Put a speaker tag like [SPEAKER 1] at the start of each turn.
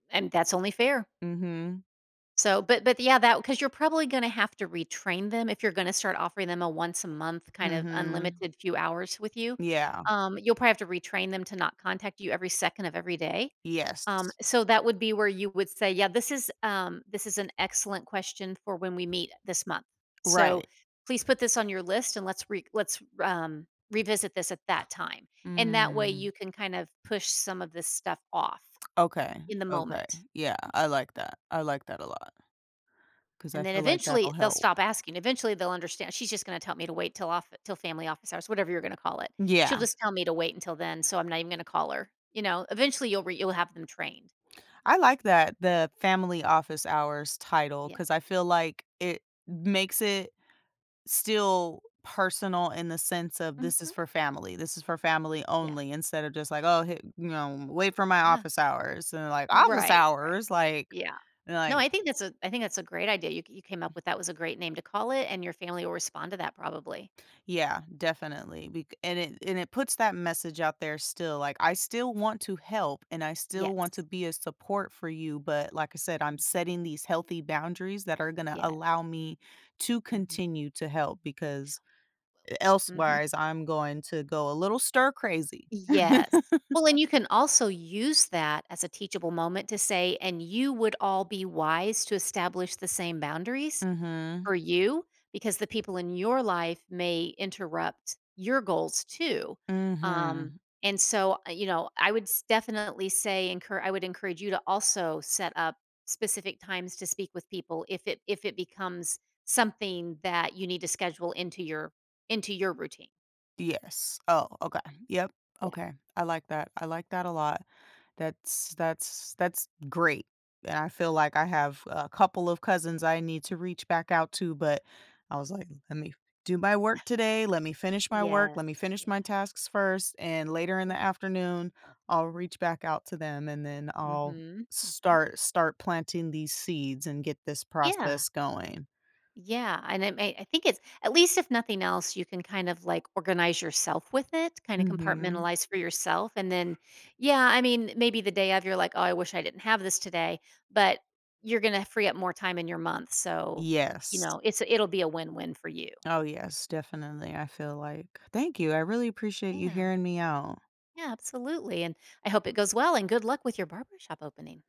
[SPEAKER 1] And, that's only fair.
[SPEAKER 2] Mhm.
[SPEAKER 1] So, but but yeah, that 'cause you're probably gonna have to retrain them if you're gonna start offering them a once-a-month kind of
[SPEAKER 2] Mhm.
[SPEAKER 1] unlimited few hours with you,
[SPEAKER 2] Yeah.
[SPEAKER 1] um, you'll probably have to retrain them to not contact you every second of every day, um,
[SPEAKER 2] Yes.
[SPEAKER 1] so that would be where you would say, "Yeah, this is um, this is an excellent question for when we meet, uh, this month, so,
[SPEAKER 2] Right.
[SPEAKER 1] please put this on your list, and let's re let's, r um, revisit this at that time," and that way,
[SPEAKER 2] Mm.
[SPEAKER 1] you can kind of push some of this stuff off,
[SPEAKER 2] Okay,
[SPEAKER 1] in the
[SPEAKER 2] okay,
[SPEAKER 1] moment.
[SPEAKER 2] yeah, I like that, I like that a lot. 'Cause I
[SPEAKER 1] And then
[SPEAKER 2] feel like
[SPEAKER 1] eventually,
[SPEAKER 2] that'll
[SPEAKER 1] they'll
[SPEAKER 2] help.
[SPEAKER 1] stop asking, eventually they'll understand, "She's just gonna tell me to wait till off till family office hours," whatever you're gonna call it, "She'll
[SPEAKER 2] Yeah.
[SPEAKER 1] just tell me to wait until then, so, I'm not even gonna call her," you know? Eventually, you'll re you'll have them trained.
[SPEAKER 2] I like that, the family office hours title,
[SPEAKER 1] Yeah.
[SPEAKER 2] 'cause I feel like it m makes it still personal in the sense of "This is
[SPEAKER 1] Mhm.
[SPEAKER 2] for family, this is for family
[SPEAKER 1] Yeah.
[SPEAKER 2] only," instead of just like, "Oh, hey you, um, wait for my
[SPEAKER 1] Yeah.
[SPEAKER 2] office hours." And, they're like "Office
[SPEAKER 1] Right, right,
[SPEAKER 2] hours?" Like
[SPEAKER 1] yeah.
[SPEAKER 2] and
[SPEAKER 1] No,
[SPEAKER 2] like
[SPEAKER 1] I think that's a I think that's a great idea, you ca you came up with that was a great name to call it, and your family will respond to that probably.
[SPEAKER 2] Yeah, definitely bec and it and it puts that message out there still, like, "I still want to help and I still want to
[SPEAKER 1] Yes.
[SPEAKER 2] be a support for you, but like I said, I'm
[SPEAKER 1] Mhm.
[SPEAKER 2] setting these healthy boundaries that are gonna allow
[SPEAKER 1] Yes.
[SPEAKER 2] me to
[SPEAKER 1] Mhm.
[SPEAKER 2] continue to help because e
[SPEAKER 1] Wel mhm.
[SPEAKER 2] elsewise, I'm going to go a little stir-crazy."
[SPEAKER 1] Yes, well, and you can also use that as a teachable moment to say, "And you would all be wise to establish the same boundaries
[SPEAKER 2] Mhm.
[SPEAKER 1] for you because the people in your life may interrupt your goals too, um,
[SPEAKER 2] Mhm.
[SPEAKER 1] and so, uh, you know, I would s definitely say encour I would encourage you to also set up specific times to speak with people if it if it becomes something that you need to schedule into your into your into your routine."
[SPEAKER 2] Yes. Oh, okay, yep,
[SPEAKER 1] Yeah.
[SPEAKER 2] okay, I like that I like that a lot, that's that's that's great, and I feel like I have a couple of cousins I need to reach back out to, but I was like, "Let me do my work today, let me finish my work,
[SPEAKER 1] Yes.
[SPEAKER 2] let me finish
[SPEAKER 1] Yeah.
[SPEAKER 2] my tasks first, and later in the
[SPEAKER 1] Yeah.
[SPEAKER 2] afternoon, I'll reach back out to them and then I'll
[SPEAKER 1] Mhm, mhm.
[SPEAKER 2] start start planting these seeds and get this
[SPEAKER 1] Yeah.
[SPEAKER 2] process going."
[SPEAKER 1] Yeah, and it may I think it's at least if nothing else you can, kind of, like, organize yourself with it, kinda
[SPEAKER 2] Mhm.
[SPEAKER 1] compartmentalize for yourself, and then yeah, I mean, eh, maybe the day of you're like, "Oh, I wish I didn't have this today." But, you're gonna free up more time in your month, so, you
[SPEAKER 2] Yes.
[SPEAKER 1] know, it's it'll be a win-win for you.
[SPEAKER 2] Oh yes, definitely, I feel like thank you, I really appreciate you
[SPEAKER 1] Yeah.
[SPEAKER 2] hearing me out.
[SPEAKER 1] Yeah, absolutely, and I hope it goes well and good luck with your barbershop opening.